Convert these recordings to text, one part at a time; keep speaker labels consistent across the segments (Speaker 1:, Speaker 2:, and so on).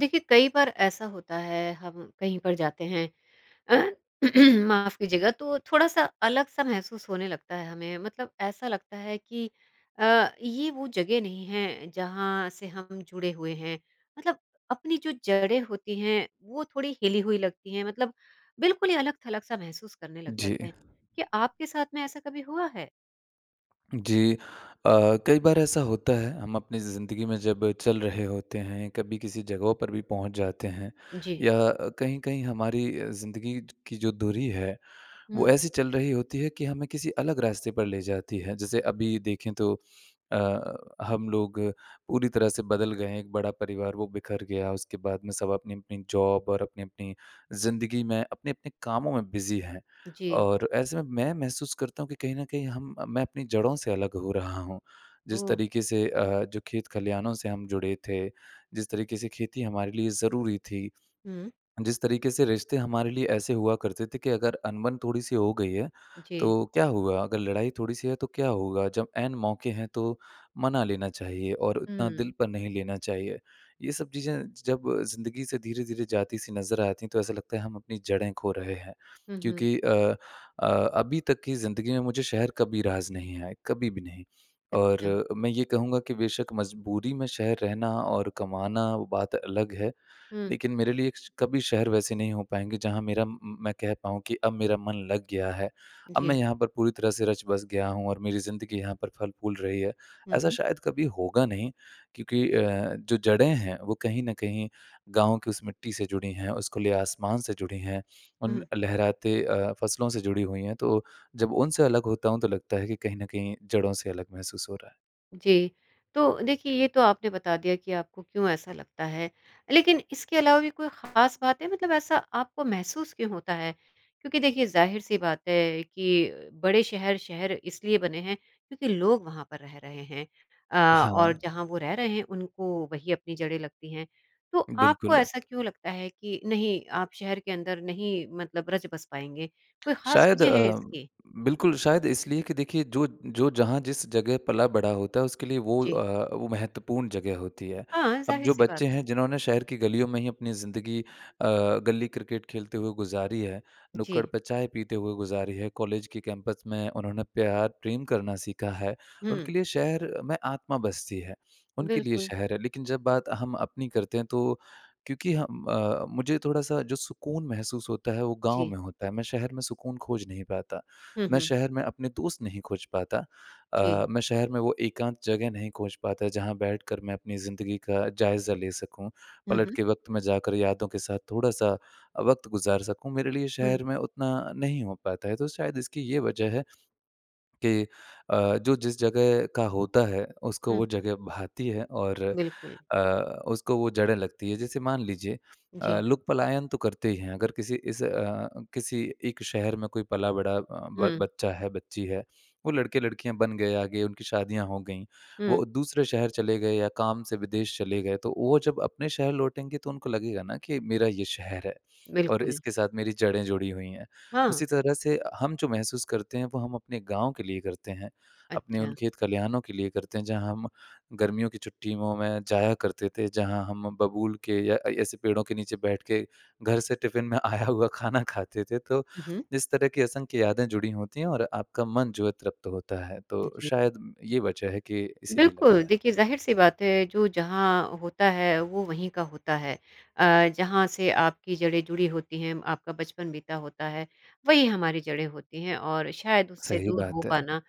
Speaker 1: देखिए, कई बार ऐसा होता है हम कहीं पर जाते हैं माफ़ कीजिएगा, तो थोड़ा-सा अलग सा महसूस होने लगता है हमें। मतलब ऐसा लगता है कि अ, ये वो जगह नहीं है जहाँ से हम जुड़े हुए हैं। मतलब अपनी जो जड़ें होती हैं वो थोड़ी हिली हुई लगती हैं मतलब बिल्कुल ही अलग-थलग सा महसूस करने लग
Speaker 2: जी।
Speaker 1: जाते हैं। क्या आपके साथ में ऐसा कभी हुआ है?
Speaker 2: जी। अ, कई बार ऐसा होता है हम अपनी ज़िंदगी में जब चल रहे होते हैं कभी किसी जगहों पर भी पहुँच जाते हैं।
Speaker 1: जी।
Speaker 2: या अ, कहीं-कहीं हमारी अ, ज़िंदगी ज की जो दूरी है वो
Speaker 1: हुँ।
Speaker 2: ऐसी चल रही होती है कि हमें किसी अलग रास्ते पर ले जाती है। जैसे अभी देखें तो अ, हम लोग पूरी तरह से बदल गए हैं, एक बड़ा परिवार वो बिखर गया, उसके बाद में सब अपनी-अपनी जॉब और अपनी-अपनी ज़िंदगी में, अपने-अपने कामों में बिज़ी हैं।
Speaker 1: जी।
Speaker 2: और ऐसे में मैं महसूस करता हूँ कि कहीं न कहीं हम मैं अपनी जड़ों से अलग हो रहा हूँ। जिस
Speaker 1: ओह!
Speaker 2: तरीके से अ, जो खेत-खलियानों से हम जुड़े थे, जिस तरीके से खेती हमारे लिए ज़रूरी थी,
Speaker 1: हुँ।
Speaker 2: जिस तरीके से रिश्ते हमारे लिए ऐसे हुआ करते थे कि अगर अनबन थोड़ी-सी हो गई है
Speaker 1: जी।
Speaker 2: तो क्या हुआ अगर लड़ाई थोड़ी-सी है तो क्या होगा, जब ऐन मौके हैं तो मना लेना चाहिए और उतना
Speaker 1: हुँ।
Speaker 2: दिल पर नहीं लेना चाहिए। ये सब चीज़ें ज जब ज़िंदगी से धीरे-धीरे जाती सी नज़र आती हैं तो ऐसा लगता है हम अपनी जड़ें खो रहे हैं।
Speaker 1: हुँ, हुँ।
Speaker 2: क्योंकि अ, अ, अभी तक की ज़िंदगी में मुझे शहर कभी रास नहीं आए, कभी भी नहीं। और
Speaker 1: अच्छा।
Speaker 2: अ, मैं ये कहूँगा कि बेशक़ मजबूरी में शहर रहना और कमाना वो बात अलग है
Speaker 1: हुँ।
Speaker 2: लेकिन मेरे लिए श कभी शहर वैसे नहीं हो पाएँगे जहाँ मेरा म म मैं कह पाऊँ कि अब मेरा मन लग गया है, अब मैं
Speaker 1: जी।
Speaker 2: यहाँ पर पूरी तरह से रचबस गया हूँ और मेरी ज़िंदगी यहाँ पर फल-फूल रही है।
Speaker 1: हुँ,
Speaker 2: ऐसा
Speaker 1: हुँ।
Speaker 2: शायद कभी होगा नहीं क्योंकि अ, जो जड़ें हैं वो कहीं न कहीं गाँव की उस मिट्टी से जुड़ी हैं, उस खुले आसमान से जुड़ी हैं, उन
Speaker 1: हुँ।
Speaker 2: लहराते अ, फसलों से जुड़ी हुई हैं। तो जब उनसे अलग होता हूँ तो लगता है कि कहीं न कहीं जड़ों से अलग महसूस हो रहा है।
Speaker 1: जी। तो देखिए, ये तो आपने बता दिया कि आपको क्यों ऐसा लगता है, लेकिन इसके अलावा भी कोई खास बात है मतलब ऐसा आपको महसूस क्यों होता है? क्योंकि देखिए, ज़ाहिर-सी बात है कि बड़े शहर, शहर इसलिए बने हैं क्योंकि लोग वहाँ पर रह रहे हैं। अ, और
Speaker 2: हाँ।
Speaker 1: जहाँ वो रह रहे हैं उनको वही अपनी जड़ें लगती हैं। तो आपको
Speaker 2: बिल्कुल।
Speaker 1: ऐसा क्यों लगता है कि नहीं, आप शहर के अंदर नहीं मतलब रच बस पाएँगे? कोई खास
Speaker 2: शायद
Speaker 1: वजह है
Speaker 2: अ,
Speaker 1: इसकी?
Speaker 2: बिल्कुल, शायद इसलिए कि देखिए जो जो जहाँ जिस जगह पला-बढ़ा होता है, उसके लिए वो
Speaker 1: जी।
Speaker 2: अ, वो महत्वपूर्ण जगह होती है।
Speaker 1: हाँ,
Speaker 2: अब जो
Speaker 1: जाहिर-सी बात
Speaker 2: बच्चे
Speaker 1: है।
Speaker 2: हैं जिन्होंने शहर की गलियों में ही अपनी ज़िंदगी अ, गली क्रिकेट खेलते हुए गुज़ारी है, नुक्कड़
Speaker 1: जी।
Speaker 2: पे चाय पीते हुए गुज़ारी है, कॉलेज के कैंपस में उन्होंने प्यार प्रेम करना सीखा है,
Speaker 1: हुँ।
Speaker 2: उनके लिए शहर में आत्मा बसती है, उनके लिए
Speaker 1: बिल्कुल।
Speaker 2: शहर है। लेकिन जब बात हम अपनी करते हैं तो क्योंकि हम अ, मुझे थोड़ा-सा जो सुकून महसूस होता है, वो गाँव
Speaker 1: जी।
Speaker 2: में होता है, मैं शहर में सुकून खोज नहीं पाता।
Speaker 1: हुँ,
Speaker 2: मैं
Speaker 1: हुँ।
Speaker 2: शहर में अपने दोस्त नहीं खोज पाता
Speaker 1: जी।
Speaker 2: अ, मैं शहर में वो एकांत जगह नहीं खोज पाता जहाँ बैठकर मैं अपनी ज़िंदगी का जायज़ा ले सकूँ,
Speaker 1: हुँ,
Speaker 2: पलट
Speaker 1: हुँ।
Speaker 2: के वक़्त में जाकर यादों के साथ थोड़ा-सा अ, वक़्त गुज़ार सकूँ, मेरे लिए
Speaker 1: हुँ।
Speaker 2: शहर में उतना नहीं हो पाता है। तो शायद इसकी ये वजह है कि अ, जो जिस जगह का होता है, उसको
Speaker 1: हुँ।
Speaker 2: वो जगह भाती है और
Speaker 1: बिल्कुल।
Speaker 2: अ, उसको वो जड़ें लगती हैं। जैसे मान लीजिए अ,
Speaker 1: जी।
Speaker 2: लोग पलायन तो करते ही हैं, अगर किसी इस अ, किसी एक शहर में कोई पला-बढ़ा अ, ब
Speaker 1: हुँ।
Speaker 2: बच्चा है, बच्ची है। वो लड़के-लड़कियाँ बन गए आगे, उनकी शादियाँ हो गईं।
Speaker 1: हुँ।
Speaker 2: वो दूसरे शहर चले गए या काम से विदेश चले गए, तो वो जब अपने शहर लौटेंगे तो उनको लगेगा ना कि मेरा ये शहर है और
Speaker 1: बिल्कुल।
Speaker 2: इसके साथ मेरी जड़ें जुड़ी हुई हैं।
Speaker 1: हाँ।
Speaker 2: उसी तरह से हम जो महसूस करते हैं, वो हम अपने गाँव के लिए करते हैं, अपने उन
Speaker 1: अच्छा।
Speaker 2: खेत-खलिहानों लिए करते हैं जहाँ हम गर्मियों की छुट्टियों में जाया करते थे, जहाँ हम बबूल के या अ, ऐसे पेड़ों के नीचे बैठ के घर से टिफ़िन में आया हुआ खाना खाते थे। तो
Speaker 1: हुँ, हुँ।
Speaker 2: इस तरह की असंख्य यादें जुड़ी होती हैं और आपका मन जो है तृप्त होता है, तो
Speaker 1: जी।
Speaker 2: शायद ये वजह है कि इसीलिए
Speaker 1: बिल्कुल।
Speaker 2: लगता है।
Speaker 1: देखिए ज़ाहिर-सी बात है, जो जहाँ होता है, वो वहीं का होता है। अ, जहाँ से आपकी जड़ें जुड़ी होती हैं, आपका बचपन बीता होता है, वही हमारी जड़ें होती हैं और शायद उससे
Speaker 2: सही
Speaker 1: दूर हो
Speaker 2: बात है।
Speaker 1: पाना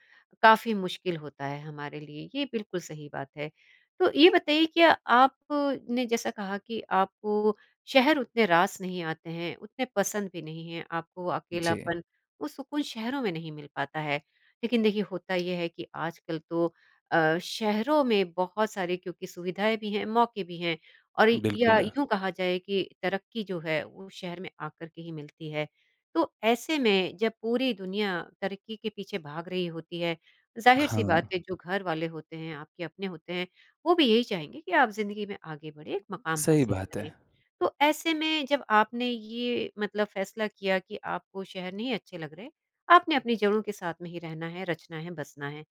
Speaker 1: काफ़ी मुश्किल होता है हमारे लिए, ये बिल्कुल सही बात है। तो ये बताइए क्या आपने जैसा कहा कि आपको वो शहर उतने रास नहीं आते हैं, उतने पसंद भी नहीं हैं आपको
Speaker 2: जी।
Speaker 1: अकेलापन, वो सुकून शहरों में नहीं मिल पाता है। लेकिन देखिए, होता ये है कि आजकल तो अ, शहरों में बहुत सारी क्योंकि सुविधाएँ भी हैं, मौके भी हैं और या
Speaker 2: बिल्कुल।
Speaker 1: यूँ कहा जाए कि तरक्की जो है, वो शहर में आकर के ही मिलती है। तो ऐसे में जब पूरी दुनिया तरक्की के पीछे भाग रही होती है, ज़ाहिर-सी बात
Speaker 2: हाँ।
Speaker 1: है, जो घरवाले होते हैं आपके अपने होते हैं, वो भी यही चाहेंगे कि आप ज़िंदगी में आगे बढ़ें, मकाम
Speaker 2: सही
Speaker 1: हासिल
Speaker 2: बात है।
Speaker 1: करें। तो ऐसे में जब आपने ये मतलब फ़ैसला किया कि आपको शहर नहीं अच्छे लग रहे, आपने अपनी जड़ों के साथ में ही रहना है, रचना है, बसना है।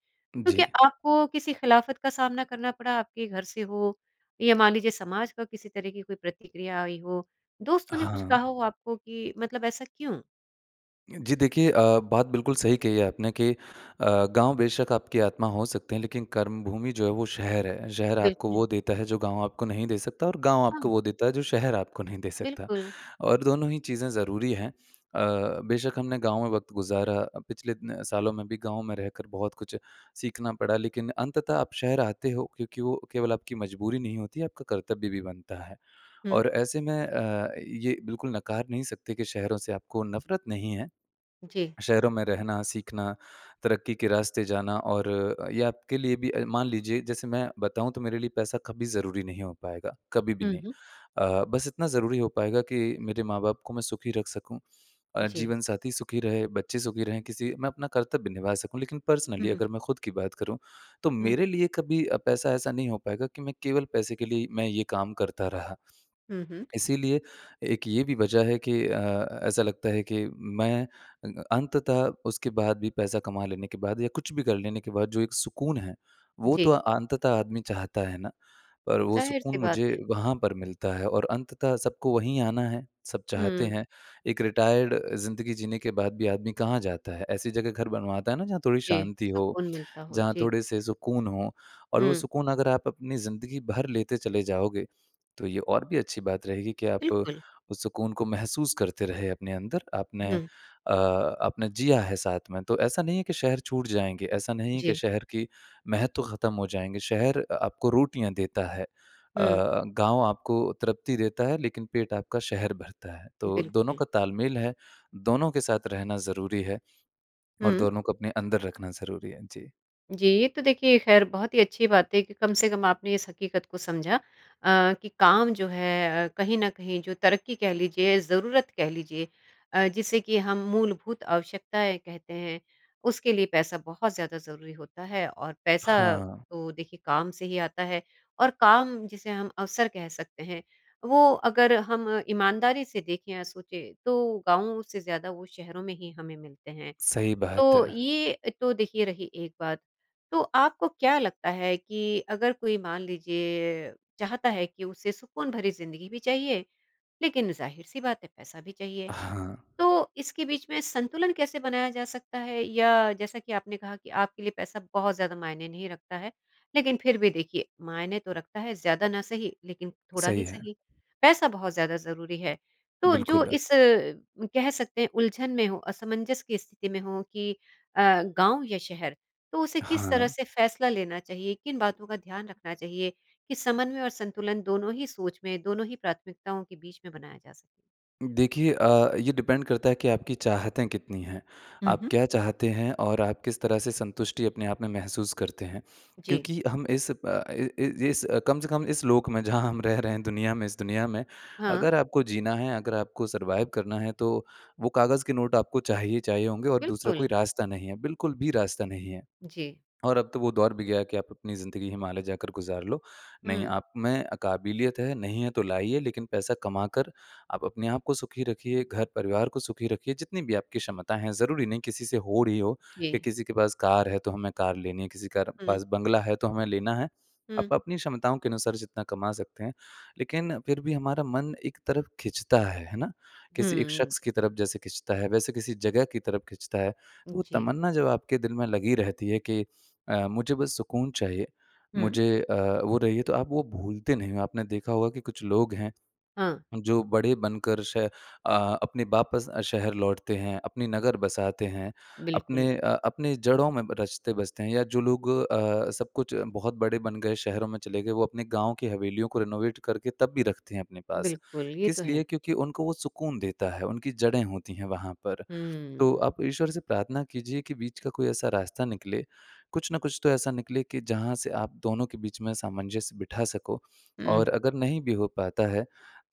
Speaker 1: तो क्या
Speaker 2: जी।
Speaker 1: आपको किसी खिलाफ़त का सामना करना पड़ा, आपके घर से हो या मान लीजिए समाज का किसी तरह की कोई प्रतिक्रिया आई हो, दोस्तों ने कुछ
Speaker 2: हाँ।
Speaker 1: कहा हो आपको कि मतलब ऐसा क्यों?
Speaker 2: जी देखिए अ, बात बिल्कुल सही कही है आपने कि अ, गाँव बेशक आपकी आत्मा हो सकते हैं लेकिन कर्मभूमि जो है वो शहर है। शहर आपको
Speaker 1: बिल्कुल।
Speaker 2: वो देता है, जो गाँव आपको नहीं दे सकता और गाँव आपको
Speaker 1: हाँ।
Speaker 2: वो देता है, जो शहर आपको नहीं दे सकता,
Speaker 1: बिल्कुल।
Speaker 2: और दोनों ही चीज़ें ज़रूरी हैं। अ, बेशक हमने गाँव में वक़्त गुज़ारा अ, पिछले इतने सालों में भी गाँव में रहकर बहुत कुछ सीखना पड़ा लेकिन अंततः आप शहर आते हो क्योंकि वो केवल आपकी मजबूरी नहीं होती है, आपका कर्तव्य भी बनता है।
Speaker 1: हुँ।
Speaker 2: और ऐसे में अ, ये बिल्कुल नकार नहीं सकते कि शहरों से आपको नफ़रत नहीं है।
Speaker 1: जी।
Speaker 2: शहरों में रहना, सीखना, तरक्की के रास्ते जाना और अ, ये आपके लिए भी अ, मान लीजिए जैसे मैं बताऊँ, तो मेरे लिए पैसा कभी ज़रूरी नहीं हो पाएगा, कभी भी
Speaker 1: हुँ,
Speaker 2: नहीं।
Speaker 1: हुँ।
Speaker 2: अ, बस इतना ज़रूरी हो पाएगा कि मेरे माँ-बाप को मैं सुखी रख सकूँ अ,
Speaker 1: जी।
Speaker 2: जीवनसाथी सुखी रहे, बच्चे सुखी रहें, किसी मैं अपना कर्तव्य निभा सकूँ। लेकिन
Speaker 1: हुँ,
Speaker 2: पर्सनली
Speaker 1: हुँ।
Speaker 2: अगर मैं खुद की बात करूँ, तो
Speaker 1: हुँ।
Speaker 2: मेरे लिए कभी अ, पैसा ऐसा नहीं हो पाएगा कि मैं केवल पैसे के लिए ही मैं ये काम करता रहा।
Speaker 1: हुँ, हुँ।
Speaker 2: इसीलिए एक ये भी वजह है कि अ, अ अ, ऐसा लगता है कि मैं अ, अंततः उसके बाद भी, पैसा कमा लेने के बाद या कुछ भी कर लेने के बाद जो एक सुकून है, वो तो
Speaker 1: जी।
Speaker 2: अंततः आदमी चाहता है ना। पर वो सुकून
Speaker 1: ज़ाहिर-सी
Speaker 2: मुझे
Speaker 1: बात है।
Speaker 2: वहाँ पर मिलता है और अंततः सबको वही आना है, सब चाहते
Speaker 1: हुँ।
Speaker 2: हैं। एक रिटायर्ड अ, ज़िंदगी जीने के बाद भी आदमी कहाँ जाता है? ऐसी जगह घर बनवाता है ना जहाँ थोड़ी
Speaker 1: जी,
Speaker 2: शांति हो,
Speaker 1: सुकून मिलता हो।
Speaker 2: जहाँ
Speaker 1: जी।
Speaker 2: थोड़े से सुकून हों और वो
Speaker 1: हुँ।
Speaker 2: सुकून अगर आप अपनी ज़िंदगी भर लेते चले जाओगे, तो ये और भी अच्छी बात रहेगी कि आप
Speaker 1: बिल्कुल।
Speaker 2: उस सुकून को महसूस करते रहें अपने अंदर, आपने
Speaker 1: हुँ।
Speaker 2: अ, आपने जिया है साथ में। तो ऐसा नहीं है कि शहर छूट जाएँगे, ऐसा नहीं है कि
Speaker 1: जी।
Speaker 2: शहर की महत्व खत्म हो जाएँगे। शहर अ, आपको रोटियाँ देता है। अ,
Speaker 1: हुँ।
Speaker 2: गाँव आपको तृप्ति देता है लेकिन पेट आपका शहर भरता है। तो दोनों
Speaker 1: बिल्कुल।
Speaker 2: का तालमेल है, दोनों के साथ रहना ज़रूरी है और
Speaker 1: हुँ।
Speaker 2: दोनों को अपने अंदर रखना ज़रूरी है। जी।
Speaker 1: जी, ये तो देखिए खैर बहुत ही अच्छी बात है कि कम से कम आपने इस हकीकत को समझा। अ, कि काम जो है अ, कहीं न कहीं जो तरक्की कह लीजिए ज़रूरत कह लीजिए अ, जिसे कि हम मूलभूत आवश्यकताएँ कहते हैं, उसके लिए पैसा बहुत ज़्यादा ज़रूरी होता है और पैसा
Speaker 2: हाँ।
Speaker 1: तो देखिए काम से ही आता है। और काम जिसे हम अवसर कह सकते हैं, वो अगर हम ईमानदारी से देखें या सोचें तो गाँव से ज़्यादा वो शहरों में ही हमें मिलते हैं।
Speaker 2: सही बात
Speaker 1: तो,
Speaker 2: है।
Speaker 1: ये तो देखिए रही एक बात। तो आपको क्या लगता है कि अगर कोई मान लीजिए चाहता है कि उसे सुकून भरी ज़िंदगी भी चाहिए, लेकिन ज़ाहिर-सी बात है पैसा भी चाहिए,
Speaker 2: हाँ।
Speaker 1: तो इसके बीच में संतुलन कैसे बनाया जा सकता है? या जैसा कि आपने कहा कि आपके लिए पैसा बहुत ज़्यादा मायने नहीं रखता है, लेकिन फिर भी देखिए, मायने तो रखता है, ज़्यादा ना सही लेकिन थोड़ा
Speaker 2: सही
Speaker 1: ही
Speaker 2: है।
Speaker 1: सही। पैसा बहुत ज़्यादा ज़रूरी है। तो जो
Speaker 2: बिल्कुल।
Speaker 1: इस अ, कह सकते हैं उलझन में हो, असमंजस की स्थिति में हो कि अ, गाँव या शहर, तो उसे किस तरह
Speaker 2: हाँ।
Speaker 1: से फ़ैसला लेना चाहिए, किन बातों का ध्यान रखना चाहिए, कि समन्वय और संतुलन दोनों ही सोच में, दोनों ही प्राथमिकताओं के बीच में बनाया जा सके?
Speaker 2: देखिए अ, ये डिपेंड करता है कि आपकी चाहतें कितनी हैं।
Speaker 1: हुँ,
Speaker 2: आप
Speaker 1: हुँ।
Speaker 2: क्या चाहते हैं और आप किस तरह से संतुष्टि अपने आप में महसूस करते हैं,
Speaker 1: जी।
Speaker 2: क्योंकि हम इस अ, इ इ इस कम से कम इस लोक में जहाँ हम रह रहे हैं दुनिया में इस दुनिया में,
Speaker 1: हाँ।
Speaker 2: अगर आपको जीना है, अगर आपको सर्वाइव करना है तो वो कागज़ के नोट आपको चाहिए, चाहिए होंगे और दूसरा कोई
Speaker 1: बिल्कुल।
Speaker 2: रास्ता नहीं है, बिल्कुल भी रास्ता नहीं है।
Speaker 1: जी।
Speaker 2: और अब तो वो दौर भी गया कि आप अपनी ज़िंदगी हिमालय जाकर गुज़ार लो। नहीं
Speaker 1: हुँ।
Speaker 2: आप में काबिलियत है, नहीं है तो लाइए लेकिन पैसा कमा कर आप अपने आपको सुखी रखिए, घर-परिवार को सुखी रखिए जितनी भी आपकी क्षमता हैं। ज़रूरी नहीं किसी से हो रही हो, या
Speaker 1: जी।
Speaker 2: किसी के पास कार है तो हमें कार लेनी है, किसी कार
Speaker 1: हुँ।
Speaker 2: पास बंगला है तो हमें लेना है।
Speaker 1: हुँ।
Speaker 2: आप अपनी क्षमताओं के अनुसार जितना कमा सकते हैं, लेकिन फिर भी हमारा मन एक तरफ खींचता है, है ना? किसी एक
Speaker 1: हुँ।
Speaker 2: शख्स की तरफ जैसे खींचता है, वैसे किसी जगह की तरफ खींचता है, तो वो
Speaker 1: जी।
Speaker 2: तमन्ना जब आपके दिल में लगी रहती है कि अ, मुझे बस सुकून चाहिए,
Speaker 1: हुँ।
Speaker 2: मुझे अ, वो रही है तो आप वो भूलते नहीं हो। आपने देखा होगा कि कुछ लोग हैं,
Speaker 1: हाँ।
Speaker 2: जो बड़े बनकर श अ, अपने वापस अ, शहर लौटते हैं, अपने नगर बसाते हैं, अपने
Speaker 1: बिल्कुल।
Speaker 2: अ, अपने जड़ों में ब रचते-बसते हैं या जो लोग अ, सब कुछ बहुत बड़े बन गए शहरों में चले गए, वो अपने गाँव की हवेलियों को रेनोवेट करके तब भी रखते हैं अपने पास।
Speaker 1: बिल्कुल, ये तो
Speaker 2: किस लिए?
Speaker 1: है।
Speaker 2: क्योंकि उनको वो सुकून देता है, उनकी जड़ें होती हैं वहाँ पर। तो
Speaker 1: हुँ।
Speaker 2: आप ईश्वर से प्रार्थना कीजिए कि बीच का कोई ऐसा रास्ता निकले, कुछ न कुछ तो ऐसा निकले कि जहाँ से आप दोनों के बीच में सामंजस्य बिठा सको, और
Speaker 1: हुँ।
Speaker 2: अगर नहीं भी हो पाता है,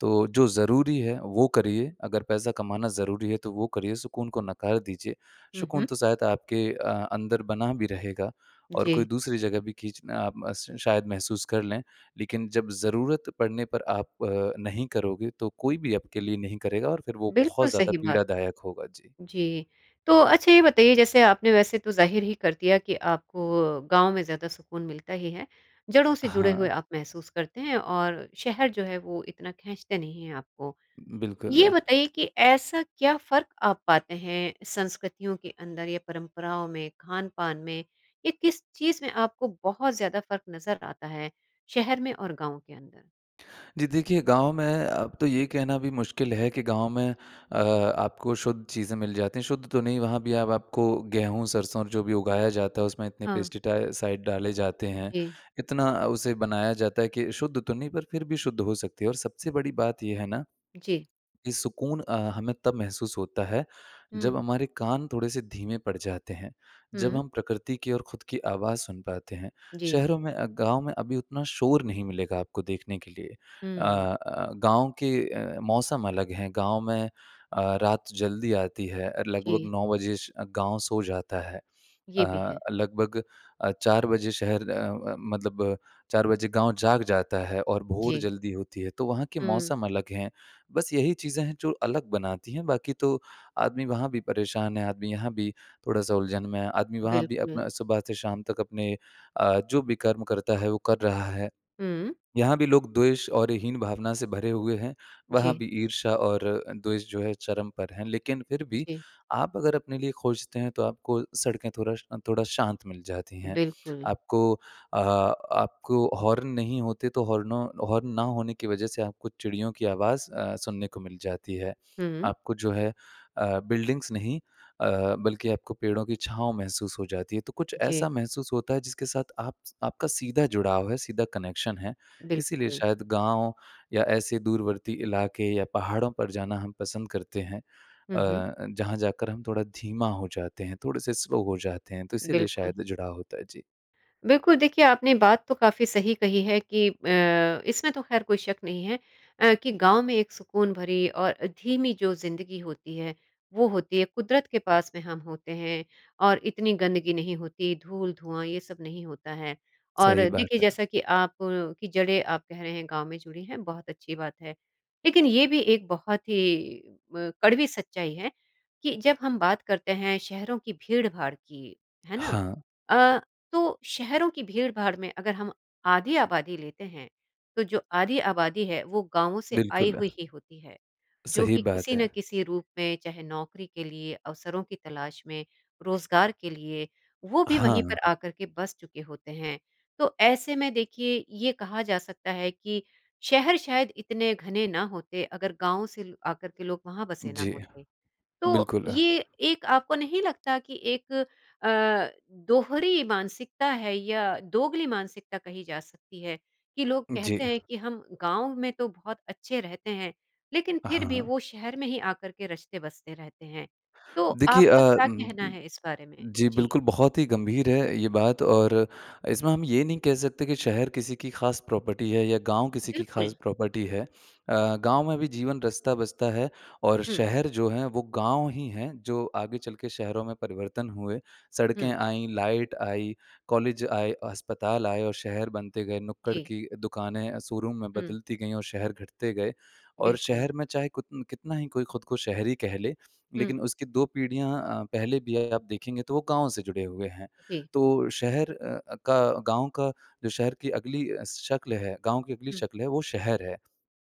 Speaker 2: तो जो ज़रूरी है, वो करिए। अगर पैसा कमाना ज़रूरी है तो वो करिए, सुकून को नकार दीजिए।
Speaker 1: हुँ,
Speaker 2: सुकून
Speaker 1: हुँ।
Speaker 2: तो शायद आपके अ, अंदर बना भी रहेगा, और कोई
Speaker 1: जी।
Speaker 2: दूसरी जगह भी खींचना अ, म श शायद महसूस कर लें। लेकिन जब ज़रूरत पड़ने पर आप अ, नहीं करोगे तो कोई भी आपके लिए नहीं करेगा और फिर वो
Speaker 1: बिल्कुल
Speaker 2: बहुत ज़्यादा
Speaker 1: सही बात।
Speaker 2: पीड़ादायक होगा। जी।
Speaker 1: जी। तो अच्छा, ये बताइए जैसे आपने वैसे तो ज़ाहिर ही कर दिया कि आपको गाँव में ज़्यादा सुकून मिलता ही है। जड़ों से जुड़े हुए
Speaker 2: हाँ।
Speaker 1: आप महसूस करते हैं और शहर जो है वो इतना खींचते नहीं हैं आपको।
Speaker 2: बिल्कुल।
Speaker 1: ये बताइए कि ऐसा क्या फ़र्क आप पाते हैं संस्कृतियों के अंदर या परंपराओं में खानपान में, या किस चीज़ में आपको बहुत ज़्यादा फ़र्क नज़र आता है, शहर में और गाँव के अंदर?
Speaker 2: जी देखिए, गाँव में अब तो ये कहना भी मुश्किल है कि गाँव में अ, आपको शुद्ध चीज़ें मिल जाती हैं। शुद्ध तो नहीं, वहाँ भी अब आपको गेहूँ-सरसों और जो भी उगाया जाता है, उसमें इतने
Speaker 1: हाँ।
Speaker 2: पेस्टिसाइड डाले जाते हैं,
Speaker 1: जी।
Speaker 2: इतना उसे बनाया जाता है कि शुद्ध तो नहीं पर फिर भी शुद्ध हो सकती है। और सबसे बड़ी बात ये है ना,
Speaker 1: जी।
Speaker 2: कि सुकून अ, हमें तब महसूस होता है,
Speaker 1: हुँ।
Speaker 2: जब हमारे कान थोड़े से धीमे पड़ जाते हैं, जब
Speaker 1: हुँ।
Speaker 2: हम प्रकृति की ओर खुद की आवाज़ सुन पाते हैं।
Speaker 1: जी।
Speaker 2: शहरों में अ, गाँव में अभी उतना शोर नहीं मिलेगा आपको देखने के लिए। अ,
Speaker 1: हुँ।
Speaker 2: अ, गाँव के अ, मौसम अलग हैं। गाँव में अ, रात जल्दी आती है, अ,
Speaker 1: जी।
Speaker 2: लगभग 9 बजे श गाँव सो जाता है।
Speaker 1: ये भी
Speaker 2: अ,
Speaker 1: है।
Speaker 2: लगभग अ, 4 बजे शहर अ अ, मतलब 4 बजे गाँव जाग जाता है और भोर
Speaker 1: जी।
Speaker 2: जल्दी होती हैं तो वहाँ के
Speaker 1: हुँ।
Speaker 2: मौसम अलग हैं। बस यही चीज़ें हैं जो अलग बनाती हैं। बाकी तो आदमी वहाँ भी परेशान है, आदमी यहाँ भी थोड़ा-सा उलझन में है। आदमी वहाँ भी
Speaker 1: बिल्कुल।
Speaker 2: अपना सुबह से शाम तक अपने अ, जो भी कर्म करता है, वो कर रहा है।
Speaker 1: हुँ।
Speaker 2: यहाँ भी लोग द्वेष और हीन भावना से भरे हुए हैं, वहाँ
Speaker 1: जी।
Speaker 2: भी ईर्ष्या और अ, द्वेष जो है चरम पर हैं। लेकिन फिर भी,
Speaker 1: जी।
Speaker 2: आप अगर अपने लिए खोजते हैं तो आपको सड़कें थोड़ा श अ, थोड़ा शांत मिल जाती हैं।
Speaker 1: बिल्कुल।
Speaker 2: आपको अ, आपको हॉर्न नहीं होते, तो हॉर्नों हॉर्न ना होने की वजह से आपको चिड़ियों की आवाज़ अ, सुनने को मिल जाती है।
Speaker 1: हुँ।
Speaker 2: आपको जो है अ, बिल्डिंग्स नहीं अ, बल्कि आपको पेड़ों की छाँव महसूस हो जाती है तो कुछ
Speaker 1: जी।
Speaker 2: ऐसा महसूस होता है, जिसके साथ आप स आपका सीधा जुड़ाव है, सीधा कनेक्शन है। इसीलिए
Speaker 1: बिल्कुल।
Speaker 2: शायद गाँव या ऐसे दूरवर्ती इलाके या पहाड़ों पर जाना हम पसंद करते हैं। अ,
Speaker 1: हुँ, हुँ।
Speaker 2: अ, जहाँ जाकर हम थोड़ा धीमा हो जाते हैं, थोड़े से स्लो हो जाते हैं तो इसीलिए
Speaker 1: बिल्कुल।
Speaker 2: शायद जुड़ाव होता है। जी।
Speaker 1: बिल्कुल, देखिए आपने बात तो काफ़ी सही कही है कि अ, इसमें तो खैर कोई शक नहीं है। अ, कि गाँव में एक सुकून भरी और अ, धीमी जो ज़िंदगी होती है वो होती है। कुदरत के पास में हम होते हैं और इतनी गंदगी नहीं होती धूल-धुआँ ये सब नहीं होता है। और
Speaker 2: सही बात
Speaker 1: देखिए
Speaker 2: है।
Speaker 1: जैसा कि आप अ, की जड़ें आप कह रहे हैं गाँव में जुड़ी हैं, बहुत अच्छी बात है। लेकिन ये भी एक बहुत ही म कड़वी सच्चाई है कि जब हम बात करते हैं शहरों की भीड़-भाड़ की, है ना?
Speaker 2: हाँ।
Speaker 1: अ, तो शहरों की भीड़-भाड़ में अगर हम आधी आबादी लेते हैं, तो जो आधी आबादी है वो गाँवों से आई
Speaker 2: बिल्कुल।
Speaker 1: हुई ही होती है। जो
Speaker 2: सही
Speaker 1: कि
Speaker 2: बात
Speaker 1: किसी न
Speaker 2: है।
Speaker 1: किसी रूप में चाहे नौकरी के लिए, अवसरों की तलाश में, रोज़गार के लिए, वो भी वहीं पर
Speaker 2: हाँ।
Speaker 1: आ कर के बस चुके होते हैं। तो ऐसे में देखिए ये कहा जा सकता है कि शहर शायद इतने घने ना होते अगर गाँव से ल आकर के लोग वहाँ बसे न
Speaker 2: जी।
Speaker 1: होते। तो
Speaker 2: बिल्कुल।
Speaker 1: ये एक आपको नहीं लगता कि एक अ, दोहरी मानसिकता है या दोगली मानसिकता कही जा सकती है, कि लोग
Speaker 2: जी।
Speaker 1: कहते हैं कि हम गाँव में तो बहुत अच्छे रहते हैं लेकिन फिर भी वो
Speaker 2: हाँ।
Speaker 1: शहर में ही आकर के रचते-बसते रहते हैं? तो
Speaker 2: देखिए अ,
Speaker 1: आपका क्या
Speaker 2: उम,
Speaker 1: कहना
Speaker 2: उम,
Speaker 1: है इस बारे में?
Speaker 2: जी
Speaker 1: जी।
Speaker 2: बिल्कुल बहुत ही गंभीर है ये बात और इसमें हम ये नहीं कह सकते कि शहर किसी की खास प्रॉपर्टी है या गाँव किसी की खास
Speaker 1: बिल्कुल।
Speaker 2: प्रॉपर्टी है। अ, गाँव में भी जीवन रचता-बचता है। और
Speaker 1: हुँ।
Speaker 2: शहर जो है वो गाँव ही हैं, जो आगे चल के शहरों में परिवर्तन हुए। सड़कें
Speaker 1: हुँ।
Speaker 2: आईं, लाइट आई, कॉलेज आए, अस्पताल आए और शहर बनते गए। नुक्कड़
Speaker 1: जी।
Speaker 2: की दुकानें अ, शोरूम में
Speaker 1: हुँ।
Speaker 2: बदलती गईं और शहर घटते गए। और
Speaker 1: बिल्कुल।
Speaker 2: शहर में चाहे कुतन कितना ही कोई खुद को शहरी कह ले,
Speaker 1: हुँ।
Speaker 2: लेकिन उसकी दो पीढ़ियाँ अ, पहले भी अ, आप देखेंगे तो वो गाँव से जुड़े हुए हैं।
Speaker 1: जी।
Speaker 2: तो शहर अ, अ, का गाँव का जो शहर की अगली शक्ल है गाँव की अगली
Speaker 1: हुँ।
Speaker 2: शक्ल है वो शहर है।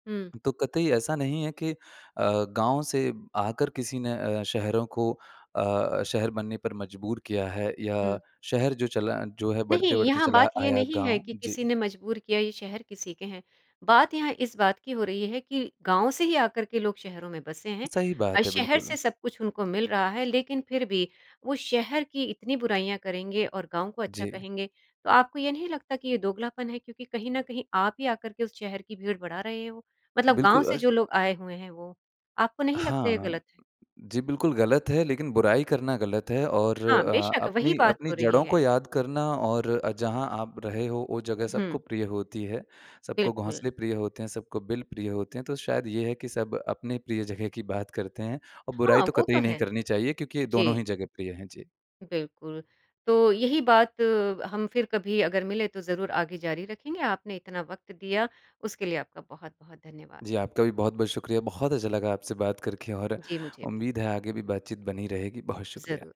Speaker 1: हुँ।
Speaker 2: तो कतई ऐसा नहीं है कि अ, गाँव से आकर किसी ने अ, शहरों को अ, शहर बनने पर मजबूर किया है या
Speaker 1: हुँ।
Speaker 2: शहर जो चला जो है
Speaker 1: नहीं,
Speaker 2: बढ़ते-बढ़ते
Speaker 1: यहाँ
Speaker 2: चला
Speaker 1: बात ये
Speaker 2: आया
Speaker 1: नहीं है
Speaker 2: गाँव।
Speaker 1: कि
Speaker 2: जी।
Speaker 1: किसी ने मजबूर किया ये शहर किसी के हैं। बात यहाँ इस बात की हो रही है कि गाँव से ही आकर के लोग शहरों में बसे हैं।
Speaker 2: सही
Speaker 1: अ,
Speaker 2: बात है,
Speaker 1: शहर
Speaker 2: बिल्कुल।
Speaker 1: से सब कुछ उनको मिल रहा है लेकिन फिर भी वो शहर की इतनी बुराइयाँ करेंगे और गाँव को अच्छा
Speaker 2: जी।
Speaker 1: कहेंगे। तो आपको ये नहीं लगता कि ये दोगलापन है क्योंकि कहीं न कहीं आप ही आकर के उस शहर की भीड़ बढ़ा रहे हो। मतलब गाँव
Speaker 2: बिल्कुल।
Speaker 1: से
Speaker 2: अश
Speaker 1: जो लोग आए हुए हैं वो। आपको नहीं लगता ये
Speaker 2: हाँ।
Speaker 1: गलत है?
Speaker 2: जी बिल्कुल गलत है लेकिन बुराई करना गलत है। और
Speaker 1: हाँ,
Speaker 2: अ,
Speaker 1: बेशक़! वही
Speaker 2: अपनी,
Speaker 1: बात
Speaker 2: अपनी
Speaker 1: हो रही
Speaker 2: जड़ों
Speaker 1: है।
Speaker 2: को याद करना और अ, जहाँ आप रहे हो वो जगह सबको
Speaker 1: हुँ।
Speaker 2: प्रिय होती है। सबको
Speaker 1: बिल्कुल।
Speaker 2: घोंसले प्रिय होते हैं, सबको बिल प्रिय होते हैं तो शायद ये है कि सब अपनी प्रिय जगह की बात करते हैं। और बुराई
Speaker 1: हाँ,
Speaker 2: तो
Speaker 1: वो तो
Speaker 2: कतई नहीं
Speaker 1: है।
Speaker 2: करनी चाहिए क्योंकि दोनों
Speaker 1: जी।
Speaker 2: ही जगह प्रिय हैं। जी।
Speaker 1: बिल्कुल। तो यही बात हम फिर कभी अगर मिले तो ज़रूर आगे जारी रखेंगे। आपने इतना वक़्त दिया, उसके लिए आपका बहुत-बहुत धन्यवाद।
Speaker 2: जी, आपका भी बहुत-बहुत शुक्रिया। बहुत अच्छा लगा आपसे बात करके और
Speaker 1: जी मुझे भी।
Speaker 2: उम्मीद है आगे भी बात-चीत बनी रहेगी। बहुत शुक्रिया।
Speaker 1: ज़रूर।